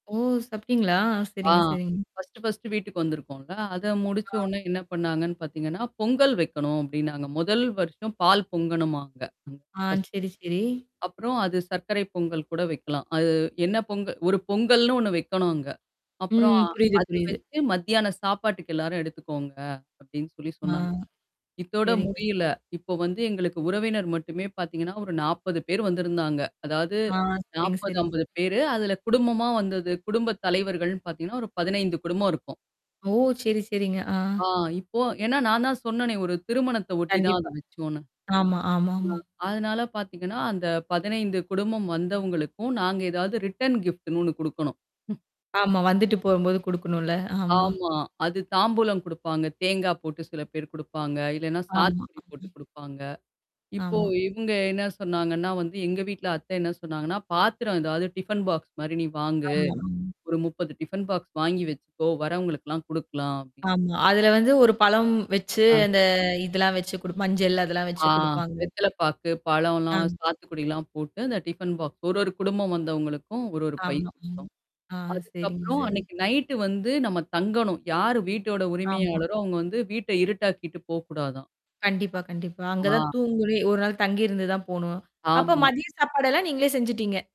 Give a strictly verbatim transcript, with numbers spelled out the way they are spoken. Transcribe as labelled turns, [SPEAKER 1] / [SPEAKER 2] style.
[SPEAKER 1] ஓ! சாப்டீங்களா!
[SPEAKER 2] ஆ.
[SPEAKER 1] செரிங்க, செரிங்க.
[SPEAKER 2] ஃபஸ்ட்டு, ஃபஸ்ட்டு வீட்டுக்கு வந்திருக்கோம்ல. அத முடிச்ச
[SPEAKER 1] ஆ.
[SPEAKER 2] உடனே என்ன பண்ணாங்கன்னு பாத்தீங்கன்னா, பொங்கல் வைக்கணும் அப்டின்னாங்க. முதல் வருஷம் பால் பொங்கணுமா அங்க.
[SPEAKER 1] ஆ.
[SPEAKER 2] [unintelligible]
[SPEAKER 1] செரி, செரி.
[SPEAKER 2] அப்புறம் அது சர்க்கரை பொங்கல் கூட வைக்கலாம். அது என்ன பொங்கல் ஒரு பொங்கல்ன்னு ஒண்ணு வைக்கணும் அங்க. அப்புறம்
[SPEAKER 1] ம். புரியுது
[SPEAKER 2] அத
[SPEAKER 1] புரியுது.
[SPEAKER 2] வச்சு மத்தியான சாப்பாட்டுக்கு எல்லாரும் எடுத்துக்கோங்க. அப்டின்னு சொல்லி
[SPEAKER 1] ஆ.
[SPEAKER 2] சொன்னாங்க. இத்தோட
[SPEAKER 1] செரிங்க.
[SPEAKER 2] முடியல. இப்போ வந்து எங்களுக்கு உறவினர் மட்டுமே பாத்தீங்கன்னா, ஒரு நாப்பது பேர் வந்திருந்தாங்க. அதாவது
[SPEAKER 1] ஆ செரிங்க,
[SPEAKER 2] நாப்பது,
[SPEAKER 1] செரிங்க.
[SPEAKER 2] அம்பது பேரு. அதுல குடும்பமா வந்தது குடும்ப தலைவர்கள்னு பாத்தீங்கன்னா, ஒரு பதினைந்து குடும்பம் இருக்கும்.
[SPEAKER 1] ஓ! செரி, செரிங்க. ஆ.
[SPEAKER 2] ஆ இப்போ ஏன்னா நான் தான் சொன்னனே ஒரு திருமணத்த ஒட்டி தான் அது
[SPEAKER 1] கண்டிப்பா.
[SPEAKER 2] வச்சோன்னு.
[SPEAKER 1] ஆமா, ஆமாமா.
[SPEAKER 2] ஆ அதனால பாத்தீங்கன்னா, அந்த பதினைந்து குடும்பம் வந்தவங்களுக்கும் நாங்க ஏதாவது ரிட்டர்ன் கிஃப்ட்ன்னு ஒண்ணு குடுக்கணும்.
[SPEAKER 1] ஆமா. வந்துட்டு போம்போது குடுக்கணும் இல்ல. ஆமா.
[SPEAKER 2] ஆமா. அது தாம்பூலம் குடுப்பாங்க. தேங்காய் போட்டு சில பேர் குடுப்பாங்க. இல்லனா
[SPEAKER 1] ஆமா.
[SPEAKER 2] சாத்துக்குடி போட்டு
[SPEAKER 1] ம்.
[SPEAKER 2] குடுப்பாங்க. இப்போ
[SPEAKER 1] ஆமா.
[SPEAKER 2] இவங்க என்ன சொன்னாங்கன்னா வந்து எங்க வீட்ல அத்தை என்ன சொன்னாங்கன்னா, பாத்திரம் ஏதாவது டிஃபன் பாக்ஸ் மாரி நீ வாங்கு.
[SPEAKER 1] ஆமா ம்.
[SPEAKER 2] ஒரு முப்பது டிஃபன் பாக்ஸ் வாங்கி வெச்சுக்கோ! வரவங்கலுக்குலாம் குடுக்கலாம் அப்டின்னு
[SPEAKER 1] ஆமா. அதுல வந்து ஒரு பழம் வெச்சு
[SPEAKER 2] ஆ.
[SPEAKER 1] அந்த இதெல்லாம் வெச்சு குடுப் மஞ்சள் அதெல்லாம் வெச்சு
[SPEAKER 2] ஆ
[SPEAKER 1] குடுப்பாங்க.
[SPEAKER 2] வெத்தல பாக்கு, பழம்லாம்,
[SPEAKER 1] அம்.
[SPEAKER 2] சாத்துக்குடிலாம் போட்டு, அ இந்த டிஃபன் பாக்ஸ். ஒரு, ஒரு குடும்பம் வந்தவங்களுக்கும், ஒரு, ஒரு பை
[SPEAKER 1] ஆமா. ம்.
[SPEAKER 2] குடுத்தோம்.
[SPEAKER 1] ஆ செரிங்க
[SPEAKER 2] அதுக்கப்புறம்
[SPEAKER 1] செரிங்க.
[SPEAKER 2] அன்னைக்கு நைட்டு வந்து நம்ம தங்கணும். யாரு வீட்டோட
[SPEAKER 1] ஆமா.
[SPEAKER 2] உரிமையாளரோ அவங்க வந்து வீட்ட இருட்டாக்கிட்டு போக்கூடாதாம்.
[SPEAKER 1] கண்டிப்பா, கண்டிப்பா. அங்க
[SPEAKER 2] ஆ. ஆ.
[SPEAKER 1] தான் தூங்குறே. ஒரு நாள் தங்கியிருந்து தான் போணும். அப்ப
[SPEAKER 2] ஆமா.
[SPEAKER 1] மதிய சாப்பாடெல்லாம் நீங்களே செஞ்சுட்டீங்க.